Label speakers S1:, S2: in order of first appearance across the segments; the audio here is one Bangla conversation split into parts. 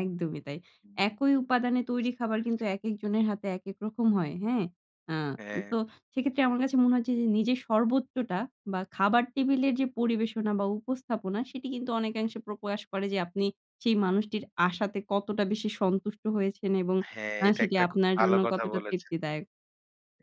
S1: একদমই তাই।
S2: হুম।
S1: একই উপাদানে তৈরি
S2: বুঝতে
S1: খাবার কিন্তু,
S2: পেরেছি।
S1: একেক জনের হাতে একেক রকম হয়। হ্যাঁ? আ
S2: হ্যাঁ।
S1: তো সেক্ষেত্রে আমার কাছে মনে হচ্ছে যে, নিজের সর্বোচ্চটা বা খাবার টেবিলের যে পরিবেশনা বা উপস্থাপনা, সেটি কিন্তু অনেকাংশে প্র প্রকাস করে যে, আপনি সেই মানুষটির আশাতে, কতটা বেশি সন্তুষ্ট হয়েছেন এবং
S2: হ্যাঁ,
S1: আ
S2: এটা
S1: সেটি
S2: একটা খুব
S1: আপনার
S2: ভালো
S1: জন্য
S2: কথা
S1: কতটা
S2: বলেছেন।
S1: তৃপ্তিদায়ক।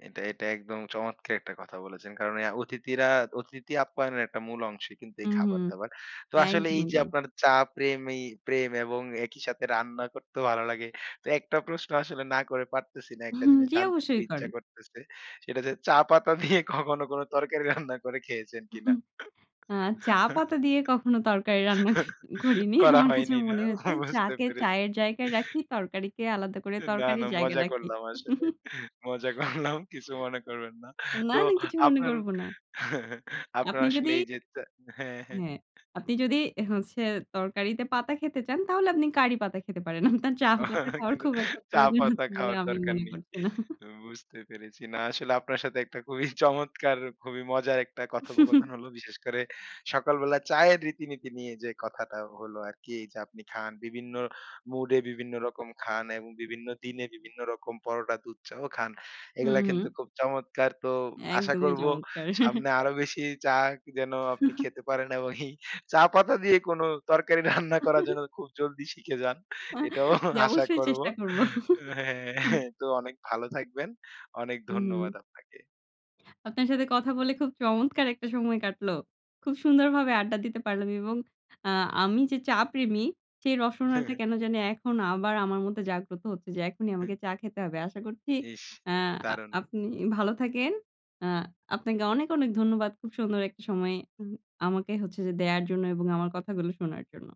S2: এটা, এটা একদম চমৎকার একটা কথা বলেছেন। কারণ আ অতিথিরা, অতিথি আপ্যায়নের একটা মূল অংশই কিন্তু,
S1: হু,
S2: এই
S1: হু।
S2: খাবার-দাবার। তো আসলে এই
S1: একদমই
S2: যে
S1: তাই।
S2: আপনার চা প্রেমি প্রেম এবং একই সাথে রান্না করতেও ভালো লাগে। তো একটা প্রশ্ন আসলে না করে পারতেছি না। একটা জিনিস
S1: জ্বি,
S2: জানতে খুব
S1: অবশ্যই
S2: ইচ্ছা
S1: করে।
S2: করতেছে। সেটা যে, চা পাতা দিয়ে কখনো কোন তরকারি রান্না করে খেয়েছেন কিনা?
S1: আ চা পাতা দিয়ে কখনো তরকারি রান্না ক করিনি।
S2: করা
S1: আমার কাছে
S2: হয়নি, না?
S1: মনে হচ্ছে
S2: বুঝতে
S1: চাকে
S2: পেরেছি।
S1: চায়ের জায়গায় রাখি। তরকারিকে আলাদা করে
S2: এ না, না।
S1: তরকারির জায়গায়
S2: মজা
S1: রাখি।
S2: করলাম আসলে। মজা করলাম। কিছু মনে করবেন না।
S1: না,
S2: তো
S1: না কিছু মনে
S2: আপনার,
S1: করব না।
S2: আপনার
S1: আপনি
S2: আসলে
S1: যদি
S2: এই যে চা হ্যাঁ, হ্যাঁ।
S1: হ্যাঁ। আপনি যদি এ হচ্ছে, তরকারিতে পাতা খেতে চান? তাহলে আপনি কারি পাতা খেতে পারেন। আপনার চা পাতা
S2: অ
S1: খাওয়ার
S2: কিন্তু
S1: খুব একটা
S2: চা
S1: প্রয়োজন
S2: পাতা
S1: আছে বলে
S2: খাওয়ার
S1: আমি
S2: দরকার
S1: মনে
S2: নেই।
S1: করছি না।
S2: উ বুঝতে পেরেছি। না, আসলে আপনার সাথে একটা খুবই চমৎকার খুবই মজার একটা
S1: হুম, হুম।
S2: কথোপকথন হলো। বিশেষ করে সকালবেলা চায়ের রীতিনীতি নিয়ে যে কথাটা হলো আরকি, এই যে আপনি খান। বিভিন্ন মুডে, বিভিন্ন রকম খান এবং বিভিন্ন দিনে বিভিন্ন রকম পরোটা, দুধ চাও খান।
S1: হু,
S2: এগুলা কিন্তু
S1: হু।
S2: খুব চমৎকার। তো আশা
S1: একদমই
S2: করব
S1: চমৎকার!
S2: সামনে আরো বেশি চা যেন আপনি খেতে পারেন এবং এই চা পাতা দিয়ে কোন তরকারি রান্না করার জন্য খুব জলদি শিখে যান। এটাও
S1: জি
S2: আশা
S1: অবশ্যই
S2: করব।
S1: চেষ্টা
S2: ও
S1: করবো। আব
S2: হ্যাঁ। তো অনেক ভালো থাকবেন। অনেক
S1: উ হু।
S2: ধন্যবাদ আপনাকে।
S1: আপনার সাথে কথা বলে খুব চমৎকার একটা সময় কাটল। খুব সুন্দরভাবে আড্ডা দিতে পারলাম এবং আ আমি যে চা প্রেমী, সেই রসনাটা কেন জানি এখন আবার আমার মধ্যে জাগ্রত হচ্ছে যে, এখনই
S2: হুম।
S1: আমাকে চা খেতে হবে। আশা করছি
S2: ইস!
S1: আ
S2: দারুণ।
S1: আপনি ভালো থাকেন। আ আপনাকে অনেক, অনেক ধন্যবাদ। খুব সুন্দর একটা সময় উহ আমাকে হচ্ছে যে দেয়ার জন্য এবং আমার কথাগুলো শোনার জন্য।